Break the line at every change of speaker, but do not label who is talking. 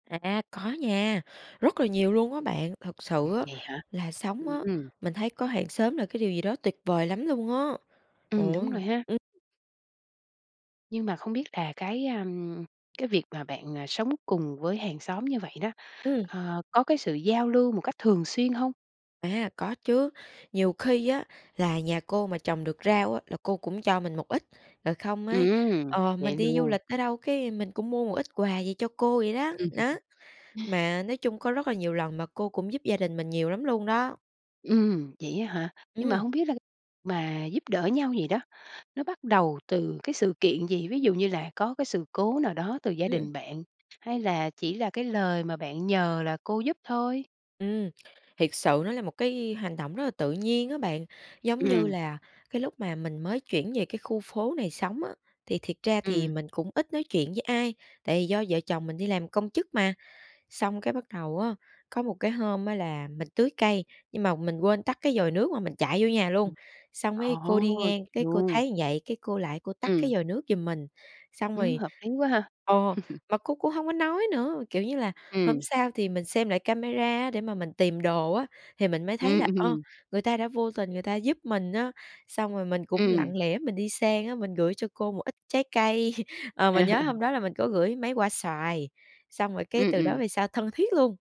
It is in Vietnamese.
À, a, có nha, rất là nhiều luôn á bạn, thực sự
Ừm, nè hả?
là sống
Ừm,
á,
ưm.
mình thấy có hàng xóm là cái điều gì đó tuyệt vời lắm luôn á. Trời
Ừm, đúng rồi
ơi!
ha.
Ừm.
Nhưng mà không biết là cái, ờm, cái việc mà bạn, à, sống cùng với hàng xóm như vậy đó,
Ừm.
ờ, có cái sự giao lưu một cách thường xuyên hông?
À, có chứ, nhiều khi á là nhà cô mà trồng được rau á, là cô cũng cho mình một ít, rồi không ấy,
Ừm,
ờ,
vậy
mình đi du
luôn.
lịch ở đâu, cái mình cũng mua một ít quà gì cho cô vậy đó, nó. Mà nói chung có rất là nhiều lần mà cô cũng giúp gia đình mình nhiều lắm luôn đó.
Ừm, vậy á hả? Nhưng mà
Ừm.
hông biết là mà giúp đỡ nhau vậy đó nó bắt đầu từ cái sự kiện gì? Ví dụ như là có cái sự cố nào đó từ gia
Ưm, ừm.
đình bạn hay là chỉ là cái lời mà bạn nhờ là cô giúp thôi?
Ừm, thiệt sự nó là một cái hành động rất là tự nhiên á bạn. Giống như
Ừm.
là, cái lúc mà mình mới chuyển về cái khu phố này sống á, thì thiệt ra thì
Ừm.
mình cũng ít nói chuyện với ai, tại vì do vợ chồng mình đi làm công chức mà. Xong cái bắt đầu á, có một cái hôm á là mình tưới cây, nhưng mà mình quên tắt cái vòi nước mà mình chạy vô nhà luôn,
Ừm.
xong mới cô
Ồ,
đi
vậy
ngang cái cô
luôn!
thấy vậy, cái cô lại cô tắt
Ừm.
cái vòi nước giùm mình, xong
Ừm,
rồi
hợp lý quá ha.
ồ, mà cô cũng hông có nói nữa, kiểu như là, hôm
Ừm.
sau thì mình xem lại camera á để mà mình tìm đồ á, thì mình mới thấy
Ừm,
là, ơ,
ừm.
người ta đã vô tình người ta giúp mình á. Xong rồi mình cũng
Ừm.
lặng lẽ mình đi sang á, mình gửi cho cô một ít trái cây, ờ, mình nhớ hôm đó là mình có gửi mấy quả xoài, xong rồi cái
Ừm,
từ đó
ừm.
về sau thân thiết luôn.